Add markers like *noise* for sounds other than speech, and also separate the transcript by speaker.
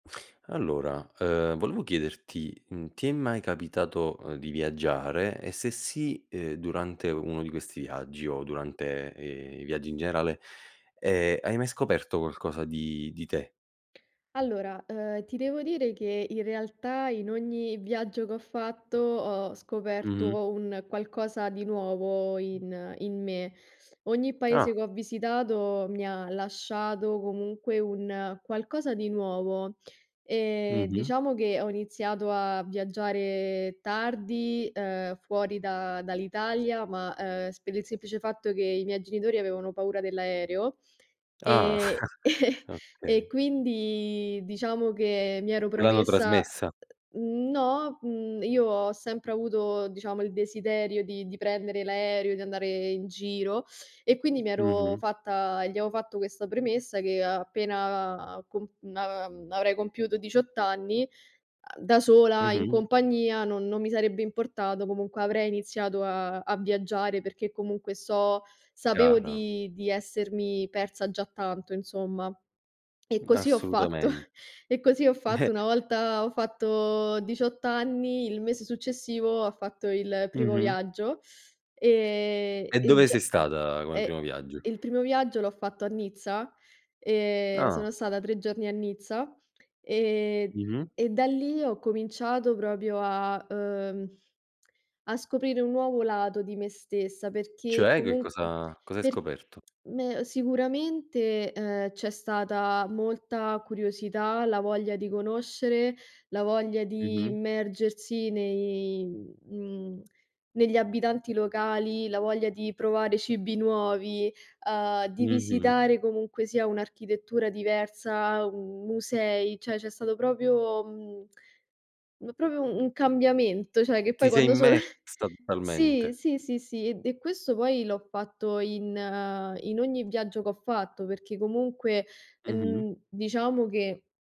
Speaker 1: Allora, uhm, volevo chiederti: mhmm, ti è mai capitato, uhm, di viaggiare? E, se sì, ehm, durante uno di questi viaggi o durante, ehm, i viaggi in generale, ehm, hai mai scoperto qualcosa di di te?
Speaker 2: Allora, uhm, ti devo dire che in realtà in ogni viaggio che ho fatto, ho
Speaker 1: Mh-mh.
Speaker 2: scoperto un qualcosa di nuovo in in me. Ogni
Speaker 1: Ah.
Speaker 2: paese che ho visitato mi ha lasciato, comunque, un qualcosa di nuovo. Ehm,
Speaker 1: Mh-mh.
Speaker 2: diciamo che ho iniziato a viaggiare tardi, uhm, fuori da dall'Italia, ma, ehm, sp per il semplice fatto che i miei genitori avevano paura dell' aereo,
Speaker 1: Ah!
Speaker 2: e *chuckles*
Speaker 1: *chuckles*
Speaker 2: e
Speaker 1: Okay.
Speaker 2: quindi diciamo che mi ero
Speaker 1: Te l'hanno
Speaker 2: promessa
Speaker 1: trasmessa.
Speaker 2: No, mhmm, io ho sempre avuto, diciamo, il desiderio di di prendere l'aereo, di andare in giro, e quindi mi ero
Speaker 1: Mh-mh.
Speaker 2: fatta gli avevo fatto questa premessa: che a appena comp na mhmm, avrei compiuto 18 anni, a da sola, in
Speaker 1: Mh-mh.
Speaker 2: compagnia non non mi sarebbe importato, comunque avrei iniziato a a a viaggiare, perché comunque so sapevo
Speaker 1: Chiaro.
Speaker 2: di di essermi persa già tanto, insomma. E così ho fatto,
Speaker 1: Assolutamen
Speaker 2: *chuckles* e così ho fatto. Una
Speaker 1: *chuckles*
Speaker 2: volta ho fatto 18 anni, il mese successivo ho fatto il primo
Speaker 1: Mh-mh.
Speaker 2: viaggio. Ehm,
Speaker 1: E
Speaker 2: e
Speaker 1: dove sei
Speaker 2: già
Speaker 1: stata come primo
Speaker 2: e
Speaker 1: viaggio?
Speaker 2: il primo viaggio l'ho fatto a Nizza, ehm,
Speaker 1: Ah.
Speaker 2: sono stata 3 giorni a Nizza, ehm, e
Speaker 1: Mh-mh.
Speaker 2: e da lì ho cominciato proprio a, uhm a scoprire un nuovo lato di me stessa, perché
Speaker 1: Cioè, che
Speaker 2: comun
Speaker 1: cosa cosa hai
Speaker 2: per
Speaker 1: scoperto?
Speaker 2: me ehm, sicuramente, ehm, c'è stata molta curiosità, la voglia di conoscere, la voglia di
Speaker 1: Mh-mh.
Speaker 2: immergersi nei mhmm, negli abitanti locali, la voglia di provare cibi nuovi, uhm, di
Speaker 1: Mh-mh.
Speaker 2: visitare comunque sia un'architettura diversa, u musei, cioè c'è stato proprio, mhmm, m proprio un cambiamento, cioè che
Speaker 1: Ti
Speaker 2: poi
Speaker 1: sei
Speaker 2: quando sono *chuckles*
Speaker 1: immersa
Speaker 2: Sì,
Speaker 1: totalmente.
Speaker 2: sì, sì, sì, id e questo poi l'ho fatto in, ehm in ogni viaggio che ho fatto, perché comunque,
Speaker 1: Mh-mh.
Speaker 2: en diciamo che